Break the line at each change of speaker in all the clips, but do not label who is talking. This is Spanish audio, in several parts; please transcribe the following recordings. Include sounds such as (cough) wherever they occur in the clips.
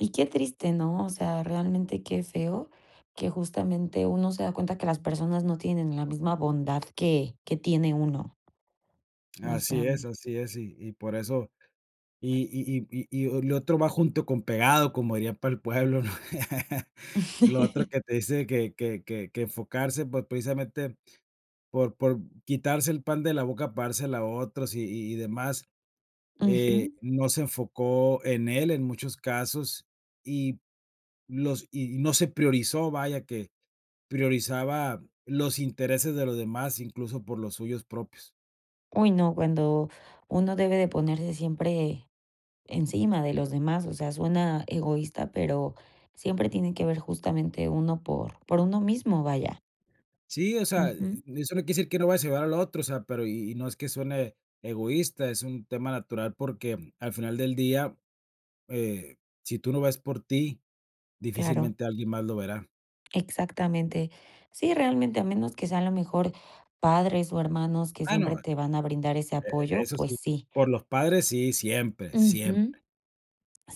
Y qué triste, ¿no? O sea, realmente qué feo, que justamente, uno se da cuenta que las personas no tienen la misma bondad que que tiene uno. O sea,
Así es,
me
así es, y y por eso y y y y y lo otro va junto con pegado, como diría para el pueblo, (laughs) lo otro
(laughs)
que te dice que que que enfocarse, pues precisamente por por quitarse el pan de la boca, para dársela a otros, y y demás, eh,
Ujú.
no se enfocó en él en muchos casos, y los y no se priorizó, vaya, que priorizaba los intereses de los demás, incluso, por los suyos propios.
¡Uy, no! Cuando uno debe de ponerse siempre encima de los demás, o sea, suena egoísta, pero siempre tiene que ver justamente, uno por por uno mismo, vaya.
Sí, o sea, e
Ujú.
eso no quiere decir que no vayas a ayudar al otro, o sea, pero y y no es que suene egoísta, es un tema natural porque al final del día, eh, si tú no ves por ti,
Claro.
difícilmente alguien más lo verá.
Exactamente. Sí, realmente, a menos que sea, a lo mejor, padres, o, hermanos que
Ah,
siempre
no, e
te van a brindar ese
e
apoyo,
eso
pues
sí,
sí.
por los padres sí, siempre, siempre.
Ujú.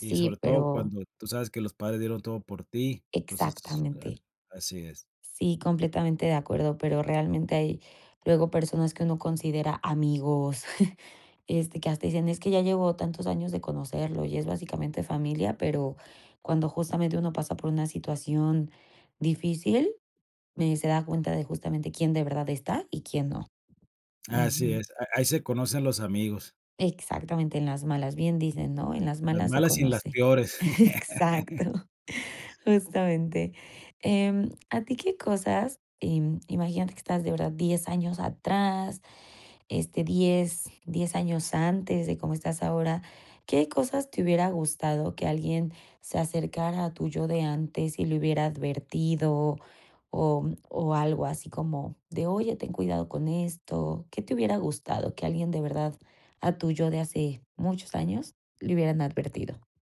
Y sobre todo
pero
cuando tú sabes que los padres dieron todo por ti, entonces esto a
Exactamente.
así es.
Sí, completamente de acuerdo. Pero realmente hay luego personas que uno considera amigos, (chuckles) este, que hasta dicen: "Es que ya llevo tantos años de conocerlo y es básicamente familia", pero, cuando justamente uno pasa por una situación difícil, me se da cuenta de justamente quién de verdad está y quién no.
Así
Ujú.
es, a ahí se conocen los amigos.
Exactamente, en las malas, bien dicen, ¿no? En
En
las
las
malas se
malas y las
conoce.
peores.
Exacto,
(laughs)
justamente. Em, a ti qué cosas, em, imagínate que estás de ahora 10 años atrás, este, 10, 10 años antes de cómo estás ahora, ¿qué cosas te hubiera gustado que alguien, se acercara a tu yo de antes, y le hubiera advertido, o, mm, o, algo así como de: "Oye, ten cuidado con esto", qué te hubiera gustado que alguien de verdad, a tu yo de hace muchos años le hubieran advertido?